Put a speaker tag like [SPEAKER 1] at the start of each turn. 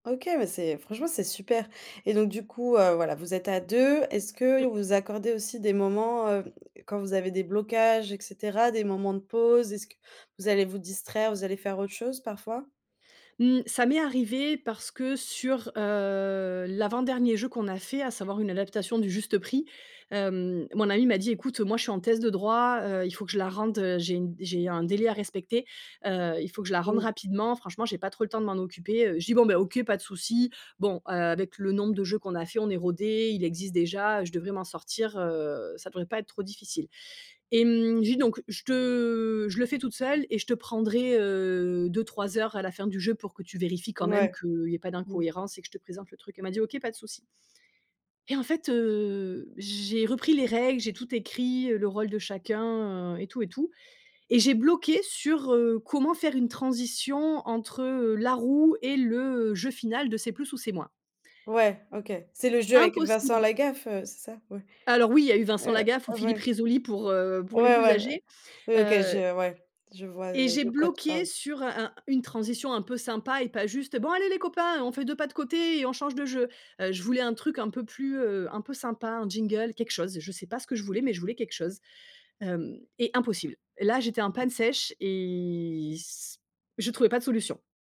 [SPEAKER 1] OK, mais c'est franchement, c'est super et donc du coup, heu, voilà, vous êtes à 2. Est-ce que et
[SPEAKER 2] Mmh.
[SPEAKER 1] vous accordez aussi des moments, heu, quand vous avez des blocages et cetera, des moments de pause? Est-ce que vous allez vous distraire, vous allez faire autre chose, parfois?
[SPEAKER 2] Mmh, ça m'est arrivé parce que sur, heu, l'avant dernier jeu qu'on a fait, à savoir, une adaptation du Juste Prix, hem, mon amie m'a dit: «Écoute, moi, je suis en thèse de droit, heu, il faut que je la rende, heu, j'ai une j'ai un délai à respecter, heu il faut que je la rende
[SPEAKER 1] Mmh.
[SPEAKER 2] rapidement. Franchement, j'ai pas trop le temps de m'en occuper, heu». Je dis: «Bon, ben, OK, pas de souci. Bon, heu, avec le nombre de jeux qu'on a faits, on est rodées. Il existe déjà. Je devrais m'en sortir, heu, ça devrait pas être trop difficile», et mmh, je dis donc: «Je te je le fais toute seule et je te prendrai, heu, 2-3 heures, à la fin du jeu pour que tu vérifies quand même
[SPEAKER 1] Ouais.
[SPEAKER 2] qu'il y ait pas
[SPEAKER 1] Mmh.
[SPEAKER 2] d'incohérence et que je te présente le truc». Elle m'a dit: «OK, pas de souci». Et en fait, heu, j'ai repris les règles. J'ai tout écrit, heu, le rôle de chacun et tout et tout et j'ai bloqué sur, heu, comment faire une transition entre, heu, la Roue et le jeu final de C’est plus ou c’est moins.
[SPEAKER 1] Ouais, OK, c'est le jeu avec Vincent
[SPEAKER 2] Impossible.
[SPEAKER 1] Lagaffe, heu, c'est ça? Ouais,
[SPEAKER 2] Alors oui, il y a eu Vincent
[SPEAKER 1] heu
[SPEAKER 2] Lagaffe ou Philippe
[SPEAKER 1] ouais.
[SPEAKER 2] Rizzoli pour, heu pour les
[SPEAKER 1] Ouais,
[SPEAKER 2] plus
[SPEAKER 1] ouais.
[SPEAKER 2] âgés.
[SPEAKER 1] Oui. OK, je,
[SPEAKER 2] Heu
[SPEAKER 1] heu ouais, je vois,
[SPEAKER 2] et
[SPEAKER 1] heu,
[SPEAKER 2] j'ai
[SPEAKER 1] de quoi tu
[SPEAKER 2] bloqué
[SPEAKER 1] parles.
[SPEAKER 2] sur un un une transition un peu sympa et pas juste: «Bon, allez, les copains, on fait 2 pas de côté et on change de jeu». Heu, je voulais un truc un peu plus, heu un peu sympa, un jingle, quelque chose. Je sais pas ce que je voulais, mais je voulais quelque chose. Hem et impossible. Là, j'étais en panne sèche et c je trouvais pas de solution.